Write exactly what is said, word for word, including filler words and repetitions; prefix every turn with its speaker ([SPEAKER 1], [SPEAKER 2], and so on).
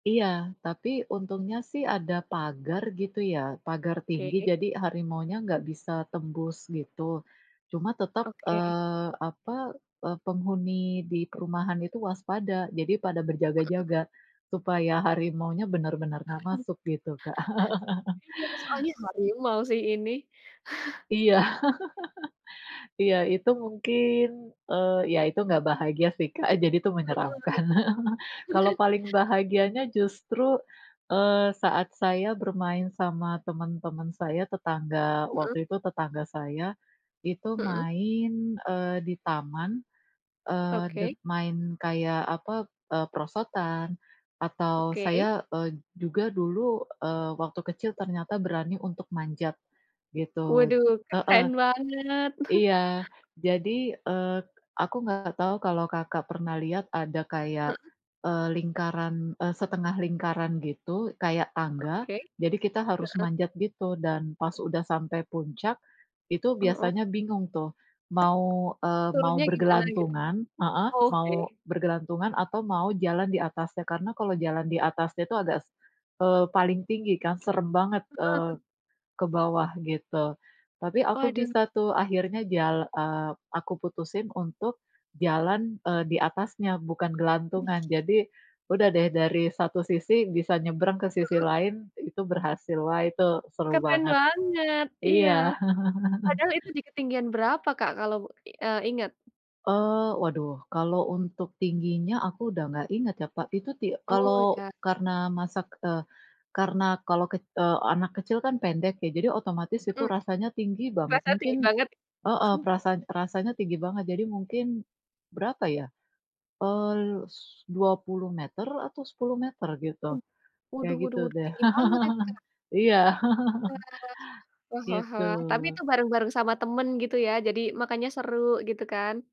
[SPEAKER 1] Iya, tapi untungnya sih ada pagar gitu ya, pagar tinggi
[SPEAKER 2] Oke.
[SPEAKER 1] jadi harimaunya nggak bisa tembus, gitu. Cuma tetap,
[SPEAKER 2] Oke.
[SPEAKER 1] eee, apa eee, penghuni di perumahan itu waspada jadi pada
[SPEAKER 2] Mhm.
[SPEAKER 1] berjaga-jaga supaya harimaunya benar-benar nggak masuk gitu, Kak.
[SPEAKER 2] Iya, soalnya hari ini mau sih ini.
[SPEAKER 1] Iya. Iya, itu mungkin, eee, ya itu nggak bahagia sih, Kak. Jadi itu
[SPEAKER 2] Mhm.
[SPEAKER 1] menyeramkan. Kalau paling bahagianya justru, eee, saat saya bermain sama teman-teman saya, tetangga,
[SPEAKER 2] Mhm.
[SPEAKER 1] waktu itu tetangga saya, itu
[SPEAKER 2] Mhm.
[SPEAKER 1] main, eee, di taman, eee, d
[SPEAKER 2] Oke.
[SPEAKER 1] main kayak apa eee, perosotan atau
[SPEAKER 2] Oke.
[SPEAKER 1] saya, eee, juga dulu, eee, waktu kecil ternyata berani untuk manjat, gitu.
[SPEAKER 2] Waduh,
[SPEAKER 1] Heeh,
[SPEAKER 2] keren banget.
[SPEAKER 1] iya. Jadi, eee, aku nggak tahu kalau, Kakak, pernah lihat ada kayak,
[SPEAKER 2] Mhm.
[SPEAKER 1] eee, lingkaran, eee, setengah lingkaran gitu kayak tangga.
[SPEAKER 2] Oke,
[SPEAKER 1] Jadi kita harus
[SPEAKER 2] heeh.
[SPEAKER 1] manjat gitu dan pas udah sampai puncak itu
[SPEAKER 2] Mhm.
[SPEAKER 1] biasanya bingung tuh mau, eee, mau
[SPEAKER 2] Turunnya gimana gitu?
[SPEAKER 1] bergelantungan heeh,
[SPEAKER 2] Oke.
[SPEAKER 1] mau bergelantungan atau mau jalan di atasnya. Karena kalau jalan di atasnya itu agak s eee, paling tinggi kan, seram banget, eee,
[SPEAKER 2] Heeh.
[SPEAKER 1] ke bawah gitu. Tapi aku
[SPEAKER 2] Waduh.
[SPEAKER 1] bisa tuh akhirnya jal eee, aku putusin untuk jalan, eee, di atasnya bukan gelantungan. Jadi udah deh dari satu sisi bisa nyebrang ke sisi
[SPEAKER 2] Mhm.
[SPEAKER 1] lain itu berhasil. Wah, itu seru
[SPEAKER 2] Keren
[SPEAKER 1] banget.
[SPEAKER 2] banget, iya.
[SPEAKER 1] Iya.
[SPEAKER 2] Padahal itu di ketinggian berapa, Kak, kalau i eee, ingat?
[SPEAKER 1] Oh. Waduh, kalau untuk tingginya aku udah nggak ingat ya, Pak. Itu ti
[SPEAKER 2] Oh,
[SPEAKER 1] kalau
[SPEAKER 2] ya.
[SPEAKER 1] karena masak eee, karena kalau kec eee, anak kecil kan pendek, ya jadi otomatis itu
[SPEAKER 2] Mhm,
[SPEAKER 1] rasanya tinggi banget,
[SPEAKER 2] berasa
[SPEAKER 1] mungkin
[SPEAKER 2] tinggi banget.
[SPEAKER 1] heeh, perasaan rasanya tinggi banget. Jadi mungkin, berapa ya? Eee, l s dua puluh meter atau sepuluh meter gitu.
[SPEAKER 2] Mhm,
[SPEAKER 1] Kayak
[SPEAKER 2] waduh
[SPEAKER 1] gitu
[SPEAKER 2] waduh, itu
[SPEAKER 1] deh.
[SPEAKER 2] tinggi banget itu ya.
[SPEAKER 1] Iya.
[SPEAKER 2] Wah wah wah wah, tapi
[SPEAKER 1] Gitu.
[SPEAKER 2] itu bareng-bareng sama teman gitu ya, jadi makanya seru gitu kan.